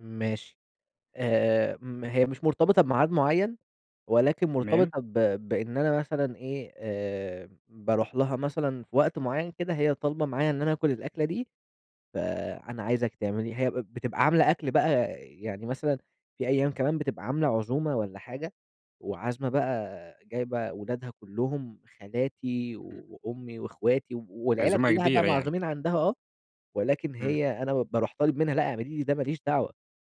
ماشي آآ، ما هي مش مرتبطة بميعاد معيّن ولكن تمام. مرتبطة ب بإن أنا مثلًا إيه آآ، باروح لها مثلًا في وقت معيّن كده، هي طالبة معايا إن أنا آكل الأكلة دي، فأنا عايزِك تعمليها، هي بتبقى عاملة أكل بقى يعني مثلًا في أيام كمان بتبقى عاملة عزومة والَّا حاجة، وعازمة بقى جايبة ولادها كلهم، خالاتي إمم. وأمي واخواتي والعيلة عزومة كلّها بقى كبيرة يعني. معزومين عندها آه، ولكن امم. هي أنا باروح طالب منها لأ اعملي لي ده ماليش دعوة،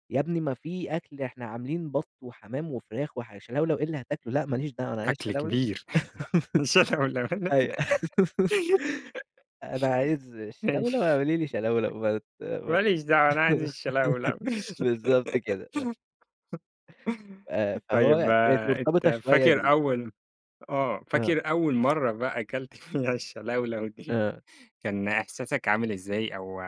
يا ابني ما في أكل إحنا عاملين بط وحمام وفراخ، وح شلَولَو إيه اللي هتاكله؟ لأ ما ليش دعوة [unintelligible] أنا عايز أكل شلَولَو، كبير أيوه [unintelligible] أنا عايز الشلَولَو، ماشي. اعملي لي شلَولَو، ما ت ما ما ت ليش دعوة أنا عايز الشلَولَو بالضبط كده، آه. آآ، طيب فهو كانت آآ، مرتبطة أنت شوية فاكر بال أول م آه، آه. فاكر أول مرّه بقى كلت فيها الشلَولَو دي، آه. كان إحساسك عامل إزاي أو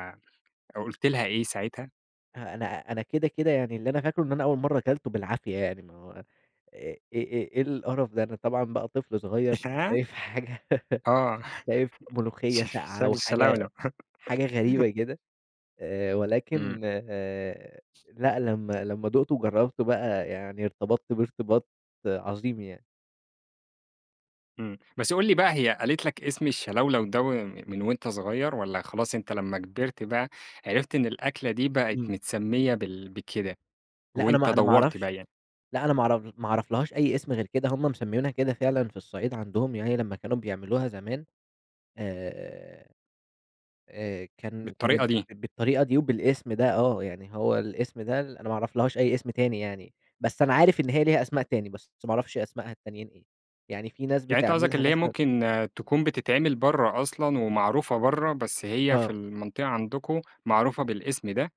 أو قُلت لها إيه ساعتها؟ أنا أنا كده، كده يعني اللي أنا فاكرُه إن أنا أول مرّة كلتُه بالعافية يعني ما إ إيه، إيه، إيه القرف ده، أنا طبعًا بقى طفل صغير [unintelligible] شايف حاجة آه، شايف ملوخية شاي ساقعة، شايف و حاجة الشلَولَو. حاجة غريبة كده آآ، إمم. ولكن آآ، لأ لمّا لمّا دُقتُه وجرّبته بقى يعني ارتبطت بيه إرتباط عظيم يعني. إمم، بس قُل لي بقى هي قالت لك اسم الشلَولَو ده و من وأنت صغير؟ والَّا خلاص أنت لمّا كبرت بقى عرفت إن الأكلة دي بقت إمم. متسمية بال بكده، لأ أنا وأنت ما أنا ما دوّرت أعرفش بقى يعني؟ لأ أنا ما أعرف ما أعرفلهاش أي اسم غير كده، هم مسميينها كده فعلًا، في الصعيد عندهم يعني لما كانوا بيعملوها زمان آآ، آآ، كان بالطريقة كانت دي. بالطريقة دي وبالاسم ده آه، يعني هو الاسم ده أنا ما أعرفلهاش أي اسم تاني يعني، بس أنا عارف إن هي ليها أسماء تاني، بس ما أعرفش أسماءها التانيين إيه، يعني في ناس يعني أنت قصدك بتعملها اللي هي مثلًا ممكن تكون بتتعمل برّه أصلًا، ومعروفة برّه بس هي في آه. المنطقة عندكم معروفة بالاسم ده؟